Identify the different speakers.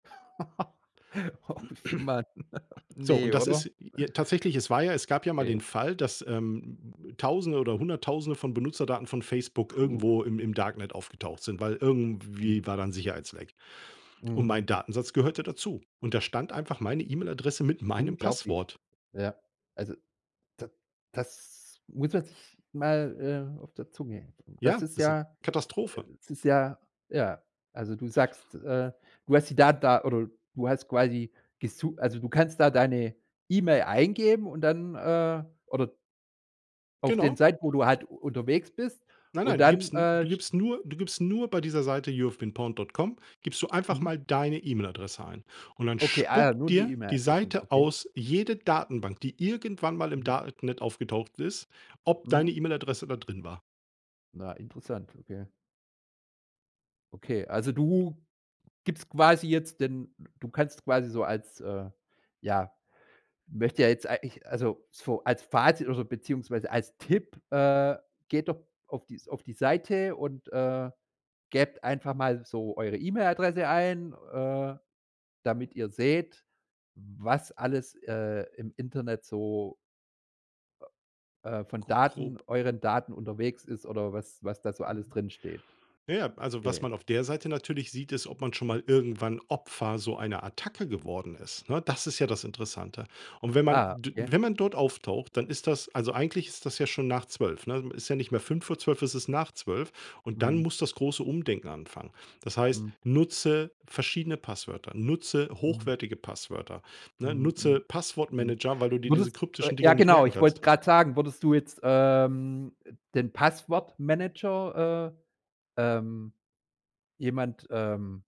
Speaker 1: Oh, Mann,
Speaker 2: So
Speaker 1: ne,
Speaker 2: und das
Speaker 1: oder?
Speaker 2: ist j tatsächlich, es war ja es gab ja mal
Speaker 1: Okay.
Speaker 2: den Fall, dass, ähm, Tausende oder Hunderttausende von Benutzerdaten von Facebook
Speaker 1: Puh.
Speaker 2: irgendwo im im Darknet aufgetaucht sind, weil
Speaker 1: Hm.
Speaker 2: irgendwie war da 'n Sicherheitsleck und
Speaker 1: Mhm.
Speaker 2: mein Datensatz gehörte dazu und da stand einfach meine E-Mail-Adresse mit meinem
Speaker 1: Unglaublich,
Speaker 2: Passwort.
Speaker 1: ja. Also, da das muss man sich mal, äh, auf der Zunge das
Speaker 2: Ja,
Speaker 1: ist
Speaker 2: das ist 'n
Speaker 1: ja äh,
Speaker 2: Katastrophe.
Speaker 1: das ist ja, ja. Also, du sagst, äh, du hast die Daten da oder du hast quasi gesu also, du kannst da deine E-Mail eingeben und dann äh, oder auf den
Speaker 2: Genau.
Speaker 1: Seiten, wo du halt unterwegs bist,
Speaker 2: Nein,
Speaker 1: und
Speaker 2: nein, du
Speaker 1: dann,
Speaker 2: gibst 'n du
Speaker 1: äh, st
Speaker 2: gibst nur du gibst nur bei dieser Seite youhavebeenpawned.com gibst du einfach
Speaker 1: Mhm.
Speaker 2: mal deine E-Mail-Adresse ein und dann
Speaker 1: Okay, ah, ja,
Speaker 2: spuckt
Speaker 1: nur die
Speaker 2: dir die
Speaker 1: E-Mail-Adressen,
Speaker 2: Seite
Speaker 1: okay.
Speaker 2: aus jede Datenbank, die irgendwann mal im
Speaker 1: Mhm.
Speaker 2: Darknet aufgetaucht ist, ob deine
Speaker 1: Mhm.
Speaker 2: E-Mail-Adresse da drin war.
Speaker 1: Na, interessant, okay. Okay, also, du gibst quasi jetzt den d du kannst quasi so als äh, ja, möchte ja jetzt eigentlich also, so als Fazit oder beziehungsweise als Tipp: „Äh, geht doch auf die auf die Seite und, äh, gebt einfach mal so eure E-Mail-Adresse ein, äh, damit ihr seht, was alles, äh, im Internet so” „äh, äh, von
Speaker 2: Gr
Speaker 1: Daten
Speaker 2: grob.
Speaker 1: euren Daten unterwegs ist oder was was da so alles
Speaker 2: Mhm.
Speaker 1: drinsteht.”
Speaker 2: Ja, ja, also, was
Speaker 1: Okay.
Speaker 2: man auf der Seite natürlich sieht, ist, ob man schon mal irgendwann Opfer so einer Attacke geworden ist, ne? Das ist ja das Interessante und wenn man
Speaker 1: Ah.
Speaker 2: d
Speaker 1: Ja.
Speaker 2: wenn man dort auftaucht, dann ist das also, eigentlich ist das ja schon nach 12:00 ne? Es ist ja nicht mehr 23:55, es ist nach 12:00. Und dann
Speaker 1: Mhm.
Speaker 2: muss das große Umdenken anfangen. Das heißt,
Speaker 1: Hm.
Speaker 2: nutze verschiedene Passwörter, nutze
Speaker 1: Mhm.
Speaker 2: hochwertige Passwörter, ne,
Speaker 1: Mhm, mhm,
Speaker 2: nutze
Speaker 1: mhm.
Speaker 2: Passwortmanager, weil du dir diese
Speaker 1: Würdest äh,
Speaker 2: kryptischen Dinger
Speaker 1: ja,
Speaker 2: nicht
Speaker 1: genau,
Speaker 2: merken
Speaker 1: ich wollte
Speaker 2: kannst.
Speaker 1: grad sagen, würdest du jetzt, ähm, den Passwortmanager, äh, ähm, jemand, ähm